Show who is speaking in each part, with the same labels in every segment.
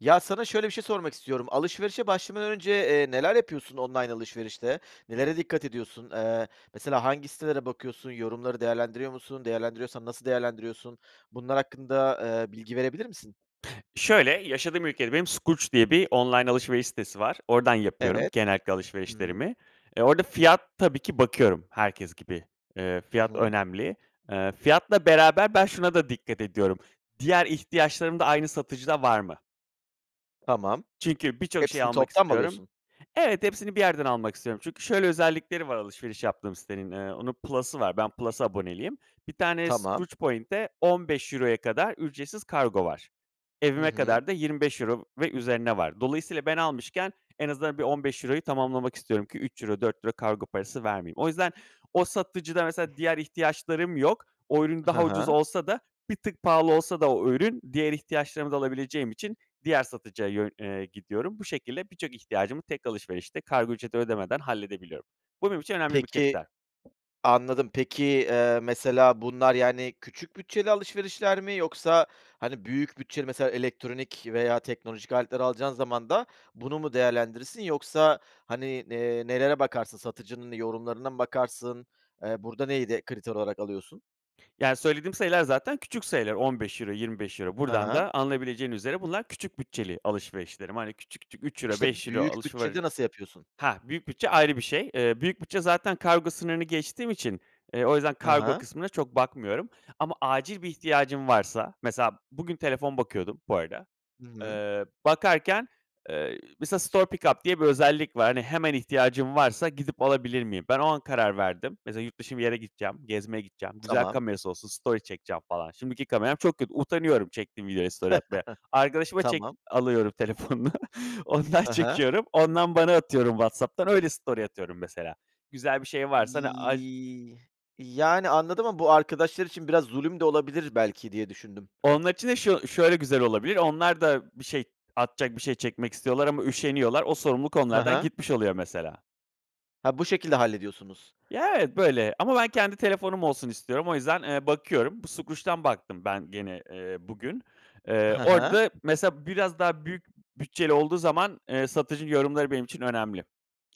Speaker 1: Ya, sana şöyle bir şey sormak istiyorum: Alışverişe başlamadan önce, eee, neler yapıyorsun online alışverişte? Nelere dikkat ediyorsun? Eee, mesela hangi sitelere bakıyorsun, yorumları değerlendiriyor musun, değerlendiriyorsan nasıl değerlendiriyorsun? Bunlar hakkında, eee, bilgi verebilir misin?
Speaker 2: Şöyle, yaşadığım ülkede benim Skroutz diye bir online alışveriş sitesi var. Oradan yapıyorum
Speaker 1: Evet.
Speaker 2: genellikle
Speaker 1: Hı hı.
Speaker 2: alışverişlerimi. E, orada fiyat tabii ki bakıyorum herkes gibi. Eee,
Speaker 1: Hı
Speaker 2: fiyat
Speaker 1: hı.
Speaker 2: önemli. Eee, fiyatla beraber ben şuna da dikkat ediyorum, diğer ihtiyaçlarım da aynı satıcıda var mı?
Speaker 1: Tamam.
Speaker 2: Çünkü birçok şeyi
Speaker 1: Hepsini
Speaker 2: almak
Speaker 1: toptan mı
Speaker 2: istiyorum.
Speaker 1: alıyorsun?
Speaker 2: Evet, hepsini bir yerden almak istiyorum. Çünkü şöyle özellikleri var, alışveriş yaptığım sitenin, eee, onun plus'ı var. Ben plus’a aboneliyim. 1 tane
Speaker 1: Tamam.
Speaker 2: Skroutz point’e €15’ya kadar ücretsiz kargo var.
Speaker 1: Hı
Speaker 2: Evime
Speaker 1: hı.
Speaker 2: kadar da €25 ve üzerine var. Dolayısıyla ben almışken en azından bir €15’yu tamamlamak istiyorum ki €3 €4 kargo parası vermeyeyim. O yüzden, o satıcıda mesela diğer ihtiyaçlarım yok. O ürün
Speaker 1: Hı
Speaker 2: daha ucuz
Speaker 1: hı.
Speaker 2: olsa da bir tık pahalı olsa da o ürün, diğer ihtiyaçlarımı da alabileceğim için diğer satıcıya yön eee, gidiyorum. Bu şekilde birçok ihtiyacımı tek alışverişte kargo ücreti ödemeden halledebiliyorum. Bu benim için önemli bir
Speaker 1: Peki
Speaker 2: kriter.
Speaker 1: anladım. Peki, eee, mesela bunlar, yani, küçük bütçeli alışverişler mi yoksa, hani, büyük bütçeli mesela elektronik veya teknolojik aletler alacağın zaman da bunu mu değerlendirirsin? Yoksa, hani, eee, nelere bakarsın? Satıcının yorumlarına mı bakarsın? Eee, burada neyi de kriter olarak alıyorsun?
Speaker 2: Yani, söylediğim sayılar zaten küçük sayılar; €15, €25.
Speaker 1: Hı
Speaker 2: Buradan
Speaker 1: hı.
Speaker 2: da, anlayabileceğiniz üzere; bunlar, küçük bütçeli alışverişlerim. Hani, küçük küçük, €3,
Speaker 1: İşte,
Speaker 2: €5
Speaker 1: büyük
Speaker 2: alışveri
Speaker 1: bütçede nasıl yapıyorsun?
Speaker 2: hah, büyük bütçe ayrı bir şey. Eee, büyük bütçe zaten kargo sınırını geçtiğim için, eee, o yüzden
Speaker 1: Hı
Speaker 2: kargo
Speaker 1: hı.
Speaker 2: kısmına çok bakmıyorum. Ama acil bir ihtiyacın varsa, mesela; bugün telefon bakıyordum, bu arada.
Speaker 1: Hı hı.
Speaker 2: Eee, bakarken, eee, mesela store pick up diye bir özellik var. Hani, “hemen ihtiyacın varsa, gidip alabilir miyim?“ Ben o an karar verdim. Mesela, yurt dışı bir yere gideceğim, gezmeye gideceğim, güzel
Speaker 1: Tamam.
Speaker 2: kamerası olsun story çekeceğim falan, şimdiki kameram çok kötü, utanıyorum, çektiğim videoyla story atmaya. Arkadaşıma çek
Speaker 1: Tamam.
Speaker 2: alıyorum telefonunu, ondan
Speaker 1: Hı hı.
Speaker 2: çekiyorum. Ondan bana atıyorum WhatsApp'tan, öyle story atıyorum mesela. Güzel bir şey varsa, hani, aç
Speaker 1: Yii yani, anladım ama bu, arkadaşlar için biraz zulüm de olabilir belki diye düşündüm.
Speaker 2: Onlar için de şu şöyle güzel olabilir, onlar da bir şey, atacak bir şey çekmek istiyorlar ama üşeniyorlar. O sorumluluk
Speaker 1: Hı
Speaker 2: onlardan
Speaker 1: hı.
Speaker 2: gitmiş oluyor mesela.
Speaker 1: Ha, bu şekilde hallediyorsunuz.
Speaker 2: Ya, evet, böyle. Ama ben kendi telefonum olsun istiyorum. O yüzden, eee, bakıyorum bu Skroutz'dan baktım ben gene, eee, bugün, eee,
Speaker 1: Hı hı.
Speaker 2: orada mesela biraz daha büyük bütçeli olduğu zaman, eee, satıcının yorumları benim için önemli.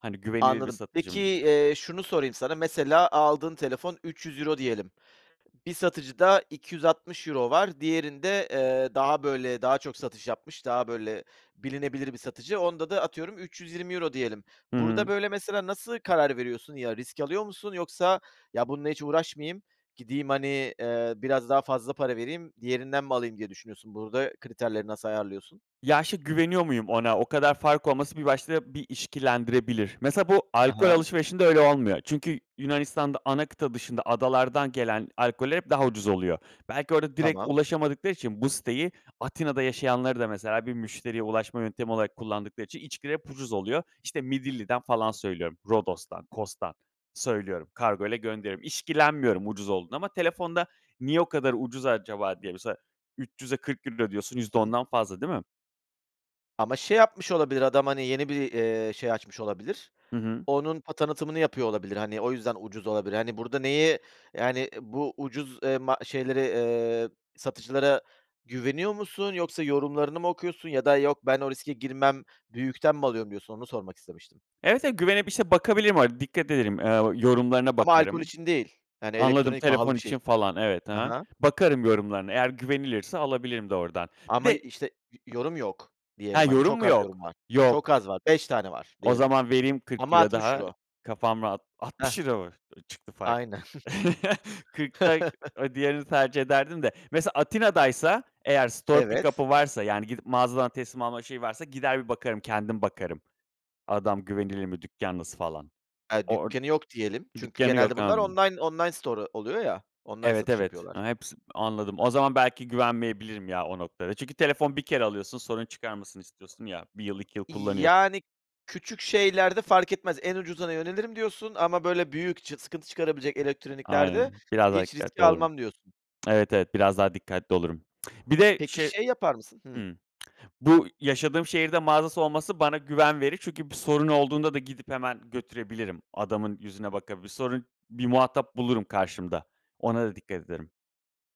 Speaker 2: Hani güvenilir bir
Speaker 1: Anladım.
Speaker 2: satıcı
Speaker 1: Peki,
Speaker 2: mı?
Speaker 1: eee, şunu sorayım sana; mesela, aldığın telefon €300 diyelim. Bir satıcıda €260 var, diğerinde, eee, daha böyle, daha çok satış yapmış, daha böyle bilinebilir bir satıcı. Onda da atıyorum €320 diyelim. Burada
Speaker 2: Hıı.
Speaker 1: böyle mesela nasıl karar veriyorsun? Ya, risk alıyor musun, yoksa “ya, bununla hiç uğraşmayayım, gideyim, hani, eee, biraz daha fazla para vereyim, diğerinden mi alayım“ diye düşünüyorsun? Burada kriterleri nasıl ayarlıyorsun?
Speaker 2: Ya, şi güveniyor muyum ona? O kadar fark olması bir başta, bir işkillendirebilir. Mesela, bu,
Speaker 1: Hı
Speaker 2: alkol
Speaker 1: hı.
Speaker 2: alışverişinde öyle olmuyor. Çünkü, Yunanistan'da ana kıta dışında, adalardan gelen alkoller hep daha ucuz oluyor. Belki orada direkt
Speaker 1: Tamam.
Speaker 2: ulaşamadıkları için, bu siteyi, Atina'da yaşayanları da mesela, bir müşteriye ulaşma yöntemi olarak kullandıkları için, içkiler hep ucuz oluyor. İşte Midilli'den falan söylüyorum. Rodos'tan, Cos'dan söylüyorum, kargoyla gönderiyorum. İşkillenmiyorum ucuz olduğunda ama telefonda “niye o kadar ucuz acaba?“ diye, mesela 300'e €40 ödüyorsun,
Speaker 1: Hı
Speaker 2: yüzde
Speaker 1: hı.
Speaker 2: ondan fazla değil mi?
Speaker 1: Ama şey yapmış olabilir adam, hani, yeni bir, eee, şey açmış olabilir.
Speaker 2: Hı hı.
Speaker 1: Onun, o, tanıtımını yapıyor olabilir. Hani, o yüzden ucuz olabilir. Hani, burda neyi, yani, bu ucuz, eee, ma şeyleri, eee, satıcılara güveniyor musun, yoksa yorumlarını mı okuyorsun? Ya da: "Yok ben o riske girmem büyükten mi alıyorum." diyorsun. Onu sormak istemiştim.
Speaker 2: Evet, evet, güvenip işte bakabilirim, hani, dikkat ederim, eee, o yorumlarına
Speaker 1: Ama alkol
Speaker 2: bakarım.
Speaker 1: için değil, hani,
Speaker 2: Anladım.
Speaker 1: elektronik, pahalı
Speaker 2: Telefon
Speaker 1: bir şey
Speaker 2: için
Speaker 1: için.
Speaker 2: falan. Evet. Hı
Speaker 1: Ha
Speaker 2: hı.
Speaker 1: ha.
Speaker 2: Bakarım yorumlarına eğer güvenilirse alabilirim de ordan. Bir
Speaker 1: Ama i
Speaker 2: de
Speaker 1: işte, "Yo yorum yok."
Speaker 2: hee,
Speaker 1: diyelim. Hani,
Speaker 2: yorum
Speaker 1: çok
Speaker 2: mu
Speaker 1: az
Speaker 2: yok?
Speaker 1: yorum var. Çok
Speaker 2: Yok.
Speaker 1: az var. 5 tane var,
Speaker 2: O
Speaker 1: diyelim.
Speaker 2: zaman vereyim kırk
Speaker 1: Ama
Speaker 2: euro
Speaker 1: altmış
Speaker 2: daha.
Speaker 1: euro.
Speaker 2: Kafam rahat. altmış
Speaker 1: Hah.
Speaker 2: euro mu, eee, çıktı fark?
Speaker 1: Aynen.
Speaker 2: 40 da o diğerini tercih ederdim de mesela Atina'daysa eğer store pick
Speaker 1: Evet.
Speaker 2: up'ı varsa, yani, gidip mağazadan teslim alma şeyi varsa, gider bir bakarım. Kendim bakarım. Adam güvenilir mi, dükkân nasıl falan?
Speaker 1: Ha,
Speaker 2: Or
Speaker 1: dükkânı yok diyelim çünkü
Speaker 2: dükkânı
Speaker 1: genelde
Speaker 2: yok.
Speaker 1: bunlar
Speaker 2: Imm.
Speaker 1: online online store'u oluyor, ya,
Speaker 2: Evet,
Speaker 1: satış
Speaker 2: evet,
Speaker 1: yapıyorlar.
Speaker 2: ha hepsi anladım. O zaman belki güvenmeyebilirim, ya, o noktada. Çünkü telefon 1 kere alıyorsun, sorun çıkarmasın istiyorsun, ya, 1 yıl, 2 yıl
Speaker 1: "İii,
Speaker 2: kullanıyors
Speaker 1: yani, küçük şeylerde fark etmez. En ucuzuna yönelirim." diyorsun. "Ama, böyle, büyük, çıks sıkıntı çıkarabilecek elektroniklerde
Speaker 2: Aynen. Biraz daha
Speaker 1: hiç
Speaker 2: dikkatli
Speaker 1: riski
Speaker 2: olurum.
Speaker 1: almam." diyorsun.
Speaker 2: Evet, evet, biraz daha dikkatli olurum. Bir de
Speaker 1: Peki,
Speaker 2: şey.
Speaker 1: şey yapar mısın? Hıı.
Speaker 2: Hımm. Bu yaşadığım şehirde mağazası olması bana güven verir. Çünkü bir sorun olduğunda da gidip hemen götürebilirim. Adamın yüzüne bakabilir. Sorun bir muhatap bulurum karşımda. Ona da dikkat ederim.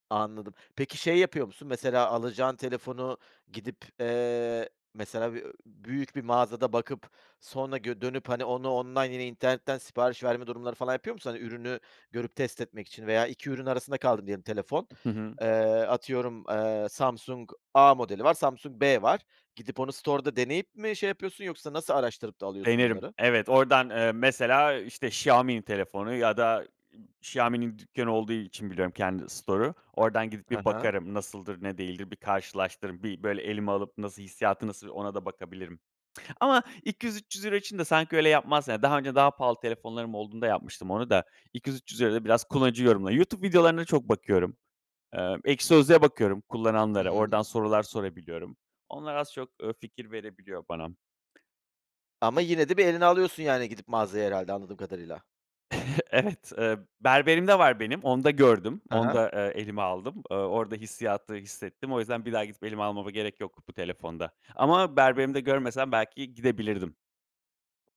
Speaker 1: Anladım. Peki, şey yapıyor musun? Mesela alacağın telefonu gidip, eee, mesela bi ööö, büyük bir mağazada bakıp sonra gö dönüp, hani, onu online, yine internetten sipariş verme durumları falan yapıyor musun? Hani, ürünü görüp test etmek için veya 2 ürün arasında kaldın diyelim, telefon,
Speaker 2: Hı hı.
Speaker 1: eee, atıyorum, eee, Samsung A modeli var, Samsung B var. Gidip onu store'da deneyip mi şey yapıyorsun, yoksa nasıl araştırıp da alıyorsun
Speaker 2: Denerim.
Speaker 1: bunları?
Speaker 2: Evet, oradan, eee, mesela, işte, Xiaomi'nin telefonu ya da, ııı, Xiaomi'nin dükkânı olduğu için biliyorum, kendi store'u. Oradan gidip
Speaker 1: Hı
Speaker 2: bir
Speaker 1: hı.
Speaker 2: bakarım. Nasıldır, ne değildir? Bir karşılaştırırım, bir, böyle, elime alıp nasıl, hissiyatı nasıl ona da bakabilirim ama €200-300 için de sanki öyle yapmaz Yani, daha önce daha pahalı telefonlarım olduğunda yapmıştım onu da €200-300'ya euro'ya da biraz kullanıcı yorumları YouTube videolarına çok bakıyorum. Eee, Ekşi Sözlük'e bakıyorum,
Speaker 1: Hı
Speaker 2: kullananlara,
Speaker 1: hı.
Speaker 2: oradan sorular sorabiliyorum. Onlar az çok, eee, fikir verebiliyor bana.
Speaker 1: Ama yine de bir eline alıyorsun, yani, gidip mağazaya herhâlde anladığım kadarıyla.
Speaker 2: Evet. Eee, berberimde var benim, onda gördüm.
Speaker 1: Hı hı.
Speaker 2: Onda, eee, elime aldım. Eee, orada hissiyatı hissettim. O yüzden bir daha gidip elime almama gerek yok bu telefonda ama berberimde görmesem belki gidebilirdim.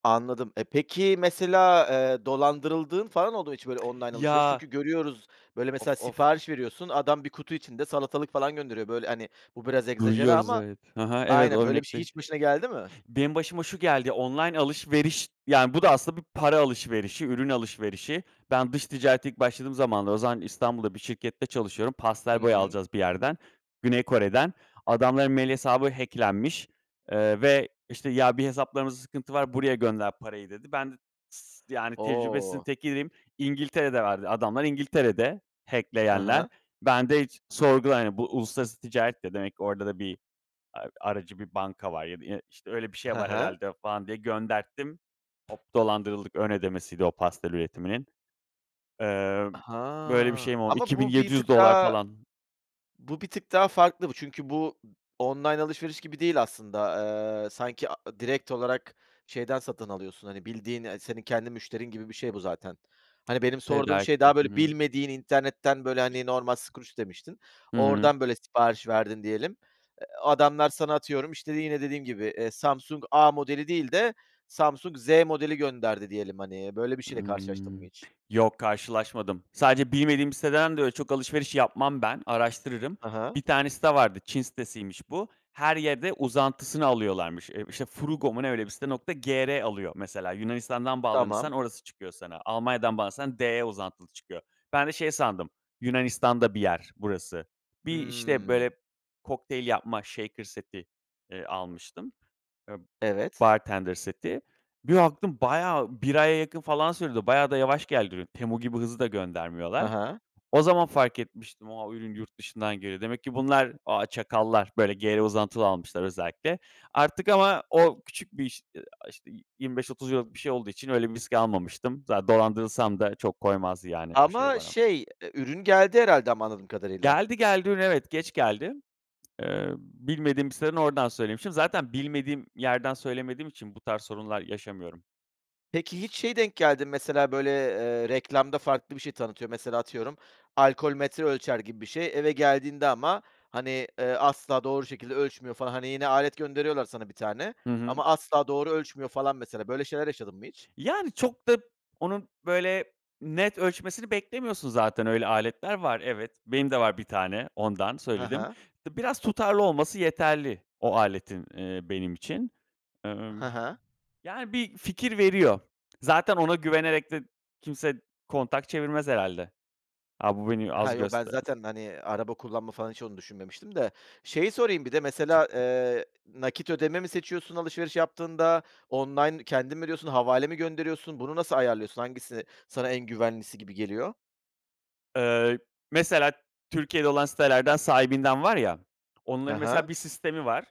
Speaker 1: Anladım. E, peki, mesela, eee, dolandırıldığın falan oldu mu hiç? Böyle alışveriş.
Speaker 2: Ya.
Speaker 1: Çünkü görüyoruz, böyle,
Speaker 2: Of
Speaker 1: mesela
Speaker 2: of.
Speaker 1: sipariş veriyorsun. Adam, 1 kutu içinde salatalık falan gönderiyor. Böyle, hani, bu biraz egzajere
Speaker 2: Duyuyoruz,
Speaker 1: ama.
Speaker 2: evet, hı hı. Evet, o
Speaker 1: Aynen, böyle bir şey
Speaker 2: örnekte
Speaker 1: hiç başına geldi mi?
Speaker 2: Benim başıma şu geldi, online alışveriş, yani, bu da aslında bir para alışverişi, ürün alışverişi. Ben, dış ticarete ilk başladığım zamanlar, o zaman İstanbul'da bir şirkette çalışıyorum.
Speaker 1: Hı
Speaker 2: Pastel boya
Speaker 1: hı.
Speaker 2: alacağız bir yerden, Güney Kore'den. Adamların mail hesabı hack'lenmiş, eee, ve, işte, "Ya, bir hesaplarımızda sıkıntı var, buraya gönder parayı." dedi. Ben de s yani, tecrübesizin
Speaker 1: O!
Speaker 2: tekiydim. İngiltere'de verdi, adamlar İngiltere'de.
Speaker 1: Hı
Speaker 2: Hack'leyenler.
Speaker 1: hı.
Speaker 2: Ben de hiç sorgula yani. Bu, uluslararası ticaret de demek, orada da bir a aracı bir banka var ya da i işte, öyle bir şey
Speaker 1: Hı
Speaker 2: var
Speaker 1: hı.
Speaker 2: herhâlde falan diye gönderttim. Hop, dolandırıldık! Ön ödemesiydi o pastel üretiminin. Eee, böyle bir
Speaker 1: Ha!
Speaker 2: şeyim oldu.
Speaker 1: Ama
Speaker 2: iki bin
Speaker 1: bu bir
Speaker 2: yedi
Speaker 1: tık
Speaker 2: yüz dolar
Speaker 1: daha,
Speaker 2: falan.
Speaker 1: bu bir tık daha farklı bu, çünkü bu, online alışveriş gibi değil aslında. Eee, sanki, a a direkt olarak şeyden satın alıyorsun, hani, bildiğin, eee, senin kendi müşterin gibi bir şey bu zaten. Hani, benim sorduğum şey,
Speaker 2: Tedarikte.
Speaker 1: daha,
Speaker 2: Hı
Speaker 1: böyle,
Speaker 2: hı.
Speaker 1: bilmediğin internetten, böyle,
Speaker 2: İ
Speaker 1: hani, normal Skroutz demiştin.
Speaker 2: Hıı.
Speaker 1: Oradan böyle sipariş verdin diyelim, eee, adamlar sana, atıyorum işte, yine dediğim gibi, eee, Samsung A modeli değil de Samsung Z modeli gönderdi diyelim, hani, böyle bir şeyle karşılaştın mı
Speaker 2: Imm,
Speaker 1: hiç?
Speaker 2: yok karşılaşmadım. Sadece bilmediğim bir siteden de, öyle, çok alışveriş yapmam ben, araştırırım.
Speaker 1: Hı hı.
Speaker 2: Bir tane site vardı; Çin sitesiymiş bu. Her yerde uzantısını alıyorlarmış. Eee, işte, Fruugo mu ne, öyle bir site. Nokta gr alıyor mesela. Yunanistan'dan
Speaker 1: Tamam.
Speaker 2: bağlanırsan orası çıkıyor sana, Almanya'dan bağlanırsan de uzantılı çıkıyor. Ben de şey sandım, Yunanistan'da bir yer burası. Bir, işte,
Speaker 1: Hıı.
Speaker 2: böyle, kokteyl yapma, shaker seti, eee, almıştım. Eee,
Speaker 1: Evet.
Speaker 2: bartender seti. Bir baktım, bayağı 1 aya yakın, falan, sürdü. Bayağı da yavaş geldi. Temu gibi hızlı da
Speaker 1: Hı
Speaker 2: göndermiyorlar.
Speaker 1: hı.
Speaker 2: O zaman fark etmiştim; a, ürün yurt dışından geliyor. Demek ki bunlar, ah çakallar, böyle, gr uzantılı almışlar özellikle. Artık, ama o, küçük bir iş, eee, a işte, 25-30 euro'luk bir şey olduğu için öyle bir risk almamıştım. Zaten dolandırılsam da çok koymazdı, yani, o şey
Speaker 1: Ama,
Speaker 2: bana.
Speaker 1: şey, eee, ürün geldi herhâlde ama anladığım kadarıyla.
Speaker 2: Geldi, geldi ürün. Evet, geç geldi. Eee, bilmediğim bir siteden, oradan söylemişim. Zaten bilmediğim yerden söylemediğim için bu tarz sorunlar yaşamıyorum.
Speaker 1: Peki, hiç, şeye denk geldin mi? Mesela böyle, eee, reklamda farklı bir şey tanıtıyor. Mesela atıyorum, alkol metre ölçer gibi bir şey eve geldiğinde ama, hani, eee, asla doğru şekilde ölçmüyor falan. Hani, yine alet gönderiyorlar sana bir tane
Speaker 2: Hı hı.
Speaker 1: ama asla doğru ölçmüyor, falan, mesela. Böyle şeyler yaşadın mı hiç?
Speaker 2: Yani, çok da, onun, böyle, net ölçmesini beklemiyorsun zaten. Öyle aletler var. Evet, benim de var 1 tane ondan
Speaker 1: Ha
Speaker 2: söyledim.
Speaker 1: ha.
Speaker 2: D biraz tutarlı olması yeterli, o aletin, eee, benim için. Emm,
Speaker 1: Ha ha.
Speaker 2: yani, bir fikir veriyor. Zaten ona güvenerek de kimse kontak çevirmez herhalde. “A bu bu beni
Speaker 1: Ha,
Speaker 2: az
Speaker 1: yok, ben
Speaker 2: göster“
Speaker 1: zaten, hani, araba kullanma falan hiç onu düşünmemiştim de. Şeyi sorayım, bir de mesela, eee, nakit ödeme mi seçiyorsun alışveriş yaptığında online kendin mi ödüyorsun, havale mi gönderiyorsun, bunu nasıl ayarlıyorsun, hangisi, sana en güvenlisi gibi geliyor?
Speaker 2: Eee, mesela Türkiye'de olan sitelerden Sahibinden var ya, onların
Speaker 1: Ha ha.
Speaker 2: mesela bir sistemi var.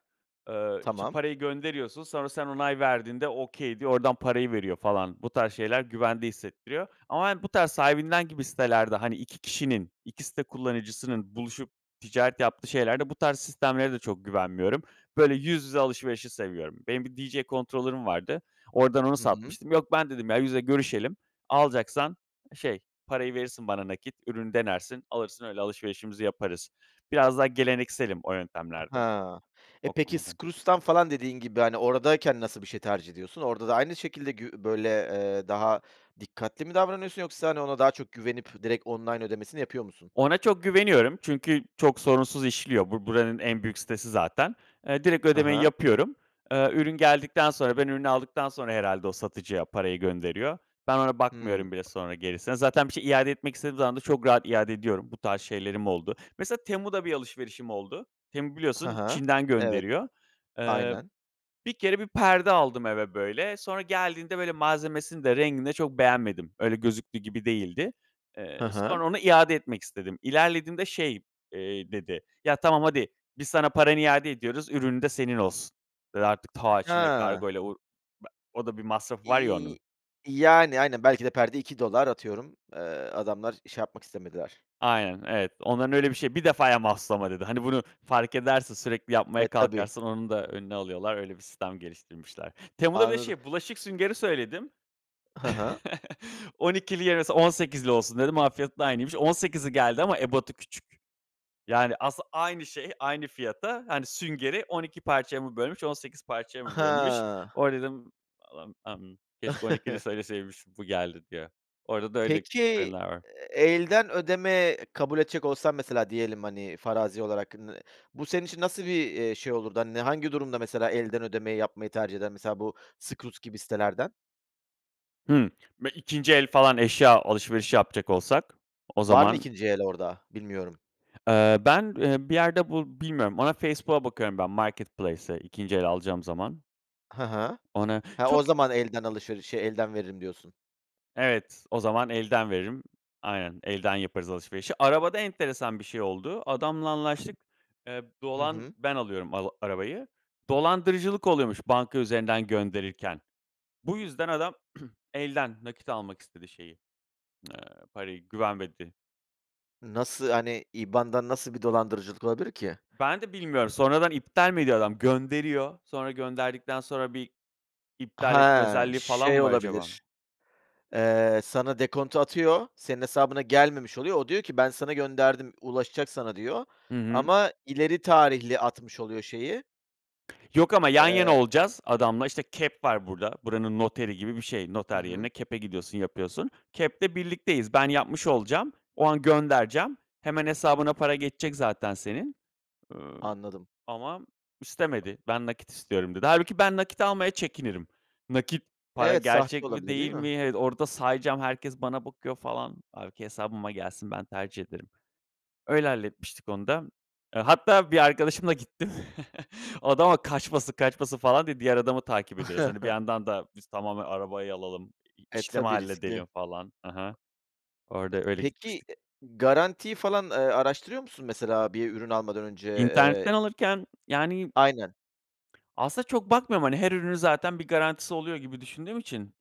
Speaker 2: Eee, işte
Speaker 1: Tamam.
Speaker 2: parayı gönderiyorsun. Sonra sen onay verdiğinde "okay" diyor. Oradan parayı veriyor, falan. Bu tarz şeyler güvende hissettiriyor ama yani bu tarz sahibinden gibi sitelerde, hani, 2 kişinin, 2 site kullanıcısının buluşup, ticaret yaptığı şeylerde bu tarz sistemlere de çok güvenmiyorum. Böyle yüz yüze alışverişi seviyorum. Benim bir DJ controller'ım vardı, oradan onu
Speaker 1: Hı hı.
Speaker 2: satmıştım. Yok, ben dedim, “ya, yüze görüşelim, alacaksan, şey, parayı verirsin bana nakit, ürünü denersin, alırsın öyle alışverişimizi yaparız“. Biraz daha gelenekselim o yöntemlerde.
Speaker 1: Ha, e,
Speaker 2: O
Speaker 1: peki,
Speaker 2: konuda.
Speaker 1: Skroutz'tan falan dediğin gibi hani oradayken nasıl bir şey tercih ediyorsun? Orada da aynı şekilde gü böyle, eee, daha dikkatli mi davranıyorsun yoksa hani ona daha çok güvenip direkt online ödemesini yapıyor musun?
Speaker 2: Ona çok güveniyorum. Çünkü, çok sorunsuz işliyor. Bu, buranın en büyük sitesi zaten, eee, direkt
Speaker 1: Hı
Speaker 2: ödemeyi
Speaker 1: hı.
Speaker 2: yapıyorum. Eee, ürün geldikten sonra, ben ürünü aldıktan sonra herhalde, o satıcıya parayı gönderiyor. Ben, ona
Speaker 1: Hımm.
Speaker 2: bakmıyorum bile sonra gerisine. Zaten bir şey iade etmek istediğim zaman da, çok rahat iade ediyorum. Bu tarz şeylerim oldu. Mesela Temu'da bir alışverişim oldu. Temu
Speaker 1: Ha
Speaker 2: biliyorsun
Speaker 1: ha,
Speaker 2: Çin'den
Speaker 1: evet,
Speaker 2: gönderiyor. Eee,
Speaker 1: aynen.
Speaker 2: bir kere, 1 perde aldım eve böyle. Sonra geldiğinde böyle malzemesini de, rengini de çok beğenmedim. Öyle, gözüktüğü gibi değildi. Eee,
Speaker 1: Hı hı.
Speaker 2: sonra onu iade etmek istedim. İlerlediğimde şey, eee, dedi “yaa, tamam, hadi. Biz sana paranı iade ediyoruz, ürünün de senin olsun.“ Eee, artık, taa, Çin'e
Speaker 1: Ha.
Speaker 2: kargoyla o be o da bir masrafı var ya
Speaker 1: İii,
Speaker 2: onun.
Speaker 1: yani, aynen, belki de, perde $2 dolar atıyorum. Eee, adamlar şey yapmak istemediler.
Speaker 2: Aynen, evet, onların öyle bir şey, “1 defaya mahsus ama“ dedi. Hani, bunu fark edersin, sürekli yapmaya
Speaker 1: E, tabii.
Speaker 2: kalkarsan onun da önünü alıyorlar. Öyle bir sistem geliştirmişler. Temu'da böyle
Speaker 1: Anladım.
Speaker 2: şey bulaşık süngeri söyledim.
Speaker 1: Hı hı.
Speaker 2: “12'li yerine 18'li olsun“ dedim. Onun fiyatı da aynıymış, 18'li geldi ama ebadı küçük. Yani, aslında, aynı şey, aynı fiyata, hani, süngeri 12 parçaya mı bölmüş, 18 parçaya mı bölmüş?
Speaker 1: Ha.
Speaker 2: Orada dedim, “Allahım [unintelligible] keşke 12'li söylemişim, bu geldi“ diye. Orada da öyle [unintelligible]
Speaker 1: Peki,
Speaker 2: var.
Speaker 1: ııı, elden ödeme kabul edecek olsan mesela, diyelim, hani, farazi olarak nı bu senin için nasıl bir, eee, şey olurdu? Hani, ne, hangi durumda mesela elden ödemeyi yapmayı tercih eden mesela bu Skroutz gibi sitelerden?
Speaker 2: Hımm. Me 2’nci el falan eşya alışverişi yapacak olsak, o
Speaker 1: Var mı
Speaker 2: zaman
Speaker 1: 2’nci el orada, bilmiyorum?
Speaker 2: Eee, ben, e, bir yerde bu bilmiyorum, ona Facebook'a bakıyorum ben marketplace'e 2’nci el alacağım zaman.
Speaker 1: Ha ha.
Speaker 2: Ona
Speaker 1: He, o
Speaker 2: çok
Speaker 1: zaman elden alışverişi, şe elden veririm diyorsun.
Speaker 2: Evet, o zaman elden veririm. Aynen. Elden yaparız alışverişi. Arabada enteresan bir şey oldu. Adamla anlaştık, eee,
Speaker 1: Hı
Speaker 2: dolan
Speaker 1: hı.
Speaker 2: ben alıyorum al arabayı. Dolandırıcılık oluyormuş banka üzerinden gönderirken. Bu yüzden adam elden, nakit almak istedi şeyi, eee, parayı. Güvenmedi.
Speaker 1: Nasıl, hani, IBAN'dan nasıl bir dolandırıcılık olabilir ki?
Speaker 2: Ben de bilmiyorum. Sonradan iptal mi ediyor adam? Gönderiyor. Sonra gönderdikten sonra bir iptal etme
Speaker 1: Ha.
Speaker 2: özelliği falan
Speaker 1: Şey
Speaker 2: mı var acaba?
Speaker 1: olabilir: Eee, sana dekontu atıyor, senin hesabına gelmemiş oluyor. O, diyor ki, "Ben sana gönderdim, ulaşacak sana." diyor.
Speaker 2: Hı hı.
Speaker 1: Ama ileri tarihli atmış oluyor şeyi.
Speaker 2: Yok ama yan
Speaker 1: Eee.
Speaker 2: yana olacağız adamla. İşte, KEP var burada. Buranın noteri gibi bir şey.
Speaker 1: Hı
Speaker 2: Noter yerine
Speaker 1: hı.
Speaker 2: KEP'e gidiyorsun, yapıyorsun. KEP'te birlikteyiz. Ben yapmış olacağım. O an göndereceğim. Hemen hesabına para geçecek zaten senin. Iıı,
Speaker 1: Anladım.
Speaker 2: ama istemedi. "Ben nakit istiyorum." dedi. Hâlbuki ben nakit almaya çekinirim. Nakit para
Speaker 1: Evet, sahte
Speaker 2: gerçek mi,
Speaker 1: olabilir, değil
Speaker 2: değil mi?
Speaker 1: mi?
Speaker 2: Evet, orada sayacağım herkes bana bakıyor falan. Hâlbuki hesabıma gelsin. Ben tercih ederim. Öyle, halletmiştik onu da. Hatta bir arkadaşımla gittim. Adama kaçmasın kaçmasın falan diye diğer adamı takip ediyoruz. Hani, bir yandan da biz tamamen arabayı alalım, i
Speaker 1: E,
Speaker 2: işlemi
Speaker 1: tabii riskli.
Speaker 2: halledelim falan. Hı hı. Orada, öyle,
Speaker 1: Peki,
Speaker 2: gitmiştik.
Speaker 1: e garantiyi falan, eee, araştırıyor musun mesela bir ürün almadan önce, eee?
Speaker 2: İnternetten alırken yani
Speaker 1: Aynen.
Speaker 2: aslında çok bakmıyorum. Hani, her ürünün zaten bir garantisi oluyor gibi düşündüğüm için.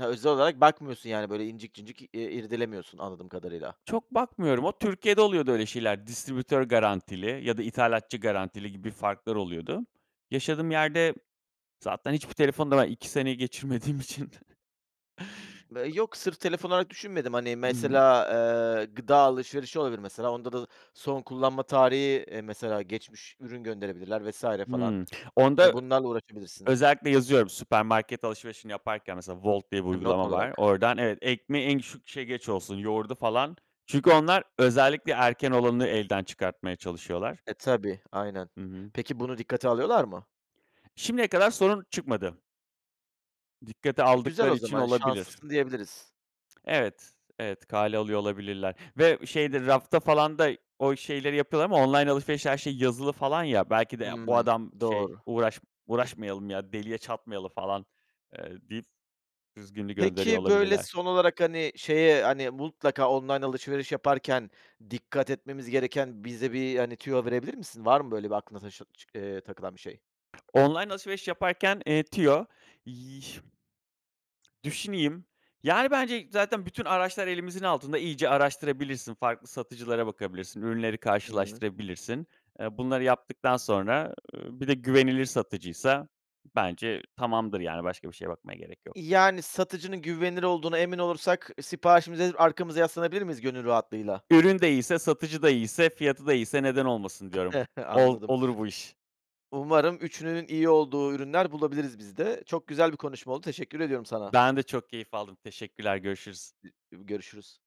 Speaker 1: Hıı, özel olarak bakmıyorsun, yani, böyle, incik cıncik, iii, irdelemiyorsun anladığım kadarıyla.
Speaker 2: Çok bakmıyorum, o Türkiye'de oluyordu öyle şeyler. Distribütör garantili ya da ithalatçı garantili gibi farklar oluyordu. Yaşadığım yerde zaten hiçbir telefonla ben 2 seneyi geçirmediğim için.
Speaker 1: Eee, yok, sırf telefon olarak düşünmedim. Hani,
Speaker 2: Hımm.
Speaker 1: mesela, eee, gıda alışverişi olabilir mesela. Onda da son kullanma tarihi, eee, mesela geçmiş ürün gönderebilirler vs. falan.
Speaker 2: Hımm. Onda ö
Speaker 1: Hani, bunlarla uğraşabilirsin.
Speaker 2: özellikle yazıyorum süpermarket alışverişini yaparken mesela Volt diye bir
Speaker 1: Ha, not
Speaker 2: uygulama var.
Speaker 1: olarak.
Speaker 2: Oradan evet, ekmeği en küçük, şey, geç olsun, yoğurdu falan. Çünkü onlar özellikle erken olanı elden çıkartmaya çalışıyorlar.
Speaker 1: E, tabii, aynen.
Speaker 2: Hı hı.
Speaker 1: Peki bunu dikkate alıyorlar mı?
Speaker 2: Şimdiye kadar sorun çıkmadı. Dikkate
Speaker 1: E, güzel o
Speaker 2: aldıkları için
Speaker 1: zaman,
Speaker 2: olabilir.
Speaker 1: şanslısın diyebiliriz.
Speaker 2: Evet, evet kale alıyor olabilirler. Ve şeydir, rafta falan da o şeyleri yapıyorlar ama online alışverişte her şey yazılı falan ya, belki de, "Ya bu
Speaker 1: Hımm.
Speaker 2: adam, şey,
Speaker 1: Doğru.
Speaker 2: uğraş uğraşmayalım ya, deliye çatmayalım falan" eee, deyip düzgününü gönderiyor
Speaker 1: Pekii, böyle,
Speaker 2: olabilirler.
Speaker 1: son olarak, hani, şeye, hani, mutlaka online alışveriş yaparken dikkat etmemiz gereken bize bir, hani, tüyo verebilir misin? Var mı böyle bir aklına taşı çı eee, takılan bir şey?
Speaker 2: Online alışveriş yaparken, eee, tüyo, yıh düşüneyim. Yani, bence zaten bütün araçlar elimizin altında, iyice araştırabilirsin. Farklı satıcılara bakabilirsin, ürünleri
Speaker 1: Hı hı.
Speaker 2: karşılaştırabilirsin. Eee, bunları yaptıktan sonra, ııı, bir de güvenilir satıcıysa bence tamamdır yani. Başka bir şeye bakmaya gerek yok.
Speaker 1: Yani, satıcının güvenilir olduğuna emin olursak siparişimizi verip arkamıza yaslanabilir miyiz gönül rahatlığıyla?
Speaker 2: Ürün de iyiyse, satıcı da iyiyse, fiyatı da iyiyse, neden olmasın diyorum. Ol
Speaker 1: Anladım.
Speaker 2: olur bu iş.
Speaker 1: Umarım, 3'ünün iyi olduğu ürünler bulabiliriz biz de. Çok güzel bir konuşma oldu, teşekkür ediyorum sana.
Speaker 2: Ben de çok keyif aldım. Teşekkürler, görüşürüz.
Speaker 1: İ İbi Görüşürüz.